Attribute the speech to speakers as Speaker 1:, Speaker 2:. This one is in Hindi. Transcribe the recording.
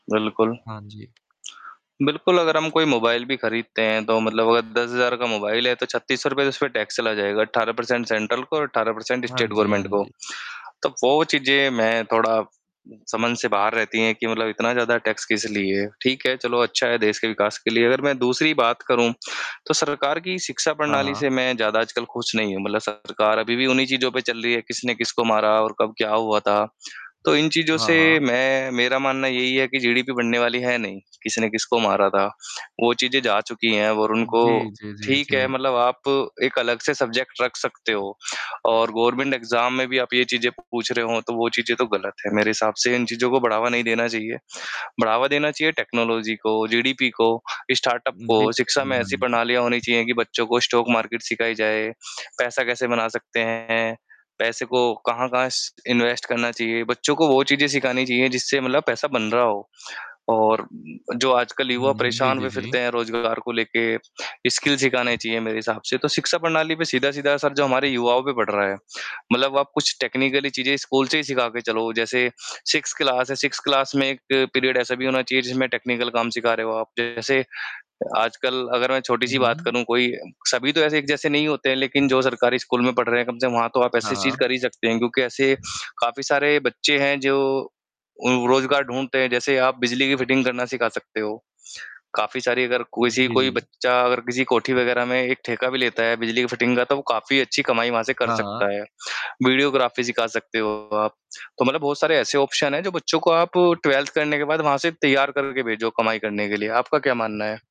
Speaker 1: बिल्कुल,
Speaker 2: हाँ जी।
Speaker 1: बिल्कुल, अगर हम कोई मोबाइल भी ख़रीदते हैं तो मतलब अगर 10,000 का मोबाइल है, तो ₹3,600 उसमें टैक्स चला जाएगा। 18 परसेंट सेंट्रल को और 18 परसेंट
Speaker 2: हाँ
Speaker 1: स्टेट
Speaker 2: जी, हाँ
Speaker 1: गवर्नमेंट को।
Speaker 2: जी।
Speaker 1: तो वो चीज़ें मैं थोड़ा समझ से बाहर रहती हैं कि मतलब इतना ज़्यादा टैक्स किस लिए? ठीक है, चलो अच्छा है देश के विकास के लिए। अगर मैं दूसरी बात करूँ तो सरकार की शिक्षा
Speaker 2: हाँ,
Speaker 1: प्रणाली
Speaker 2: हाँ।
Speaker 1: से मैं ज़्यादा आजकल खुश नहीं हूँ। मतलब सरकार अभी भी उन्हीं चीज़ों पर चल रही है, किसने किसको मारा और कब क्या हुआ था? तो इन चीज़ों
Speaker 2: हाँ,
Speaker 1: से
Speaker 2: हाँ।
Speaker 1: मैं मेरा मानना यही है कि जीडीपी बढ़ने वाली है नहीं, किस ने किसको मारा था। वो चीज़ें जा चुकी हैं और
Speaker 2: जी,
Speaker 1: उनको
Speaker 2: जी, जी,
Speaker 1: ठीक है
Speaker 2: जी।
Speaker 1: मतलब आप एक अलग से सब्जेक्ट रख सकते हो और गवर्नमेंट एग्ज़ाम में भी आप ये चीज़ें पूछ रहे हो तो वो चीज़ें तो ग़लत हैं, मेरे हिसाब से इन चीज़ों को बढ़ावा नहीं देना चाहिए। बढ़ावा देना चाहिए टेक्नोलॉज़ी को, जीडीपी को, स्टार्टअप
Speaker 2: जी,
Speaker 1: को शिक्षा में
Speaker 2: जी, हाँ
Speaker 1: ऐसी
Speaker 2: जी।
Speaker 1: प्रणालियांँ होनी चाहिए कि बच्चों को स्टॉक मार्केट सिखाई जाए, पैसा कैसे बना सकते हैं, पैसे को कहाँ-कहाँ श इन्वेस्ट करना चाहिए, बच्चों को वो चीज़ें सिखानी चाहिए जिससे मतलब पैसा बन रहा हो। और जो आजकल
Speaker 2: हुँ,
Speaker 1: युवा
Speaker 2: हुँ। जी,
Speaker 1: परेशान
Speaker 2: जी,
Speaker 1: हुए
Speaker 2: जी।
Speaker 1: फ़िरते हैं रोज़गार को लेके, स्किल्स सिखाने चाहिए मेरे हिसाब से, तो शिक्षा प्रणाली पर सीधा-सीधा जो हमारे युवाओं पढ़ रहा है। मतलब आप कुछ टेक्निकली चीज़ें स्कूल से ही सिखा के चलो। जैसे 6th क्लास है, 6th क्लास में 1 पीरियड ऐसा भी होना चाहिए जिसमें टेक्निकल काम सिखा रहे हो आप, जैसे आजकल अगर मैं
Speaker 2: हुँ,
Speaker 1: छोटी-सी बात
Speaker 2: हुँ।
Speaker 1: करूँ कोई सभी तो ऐसे एक जैसे नहीं होते हैं लेक़िन जो सरकारी स्कूल में पढ़ रहे हैं कम से कम वहाँ तो आप
Speaker 2: हाँ,
Speaker 1: ऐसी चीज़
Speaker 2: हाँ।
Speaker 1: कर ही सकते हैं, क्योंकि ऐसे काफ़ी सारे बच्चे हैं जो उ रोज़गार ढूँढते हैं, जैसे आप बिजली की फिटिंग करना सिखा सकते हो। काफ़ी सारी अगर किसी
Speaker 2: जी,
Speaker 1: कोई
Speaker 2: जी।
Speaker 1: बच्चा अगर किसी कोठी वग़ैरह में एक ठेका भी लेता है बिजली की फिटिंग का तो वो काफ़ी अच्छी कमाई वहाँ से कर
Speaker 2: हाँ, हाँ।
Speaker 1: सकता है, वीडियोग्राफ़ी सिखा सकते हो आप। तो मतलब बहुत सारे ऐसे ऑप्शन हैं जो बच्चों को आप 12th करने के बाद वहाँ से तैयार करके भेजो कमाई करने के लिए, आपका क्या मानना है?